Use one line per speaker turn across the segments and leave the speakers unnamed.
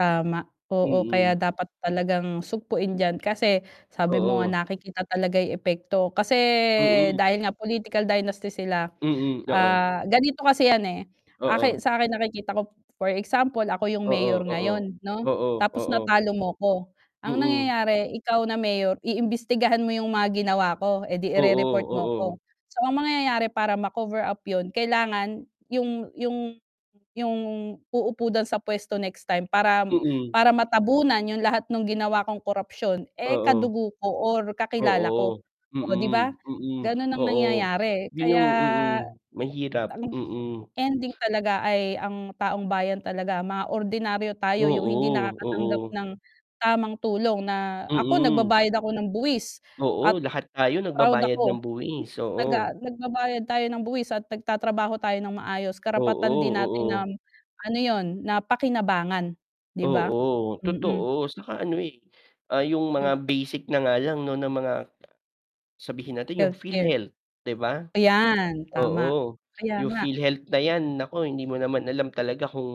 Tama, oo
Mm.
kaya dapat talagang sugpuin diyan, kasi sabi mo nga
Oo.
nakikita talaga 'yung epekto. Kasi,
Mm.
dahil nga political dynasty sila,
Mm, oo.
ah, ganito kasi yan eh. Aki
Oo.
sa akin nakikita ko for example ako 'yung
Oo,
mayor
oo,
ngayon 'no,
oo,
tapos
oo.
natalo mo ko, ang
Mm.
nangyayari ikaw na mayor iimbestigahan mo 'yung mga ginawa ko, eh 'di
Oo,
i-re-report mo
oo.
ko, so ang mangyayari para ma-cover up 'yun kailangan 'yung 'yung 'yung uupo din sa puwesto next time para
Mm.
para matabunan 'yung lahat nung ginawa kong korupsyon, eh,
Oo.
kadugo ko or kakilala ko,
Oo,
o 'di ba?
mm, mm,
Gano'n ang
oo.
nangyayari
'Yun
kaya,
'yung mm, mahirap,
ang
mm.
ending talaga ay ang taong bayan talaga, mga ordinaryo tayo, 'yung hindi
Oo,
nakakatanggap
oo.
ng tamang tulong na ako
Mm.
nagbabayad ako ng buwis at
Oo lahat tayo
proud
nagbabayad ng
ako.
buwis,
Taga
oo.
nagbabayad tayo ng buwis at nagtatrabaho tayo ng maayos karapatan
Oo.
din natin
Oo.
ng ano 'yun, na pakinabangan 'di ba?
Oo,
Mm.
totoo 'tsaka ano, eh, ah, 'yung
Hmm.
mga basic na nga lang na mga sabihin natin 'yung
Healthcare.
PhilHealth, 'di ba?
Ayan, tama.
Oo,
Kaya
'yung
nga.
PhilHealth na 'yan nako hindi mo naman alam talaga kung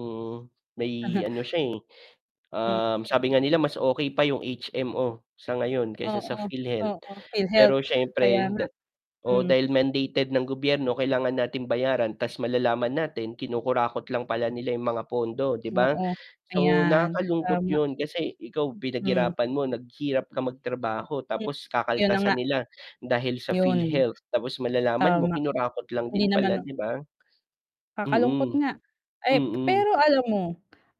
may ano siya. eh.
Hmm.
Um, sabi nga nila mas okey pa 'yung HMO sa ngayon kaysa sa
Oo,
PhilHealth,
oo, PhilHealth,
pero
kaya
siyempre
nga.
da oo,
Hmm.
dahil mandated ng gobyerno kailangan natin bayaran ta's malalaman natin kinukurakot lang pala 'yung mga pondo 'di ba?
Oo,
So
ayan
nakakalungkot
tama.
'yun, kasi ikaw
Hmm.
pinaghirapan mo, naghirap ka magtrabaho tapos
'Yun na
kakaltasan
nga.
nila dahil sa
'Yun.
PhilHealth, tapos malalaman mo
Tama.
kinurakot lang
Hindi
din
naman
pala
no
'di ba?
Kakalungkot
Mm.
nga. Ay
Mm.
pero alam mo,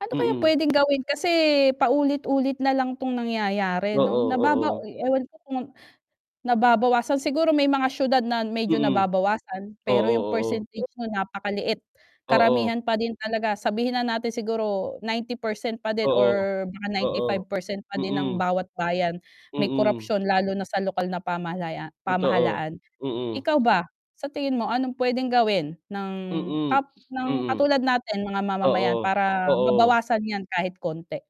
ano kaya
Mm.
puwedeng gawin kasi paulit-ulit na lang 'tong nangyayari 'no,
Oo,
nababa
oo.
oy ewan ko kung nababawasan siguro may mga siyudad na medyo
Mm.
nababawasan,
Oo,
pero 'yung
oo.
percentage mo napakaliit.
Oo.
Karamihan pa din talaga sabihin na natin siguro 90% pa din
Oo.
or baka ninety
Oo.
five percent pa din ng
Mm.
bawat bayan may
Mm.
korapsyon lalo na sa lokal na pamahalaya
Totoo,
pamahalaan.
mm.
Ikaw ba, sa tingin mo anong puwedeng gawin ng
Mm.
kap ng
Mm.
katulad natin mga mamamayan
Oo.
para
Oo.
mabawasan 'yan kahit konti?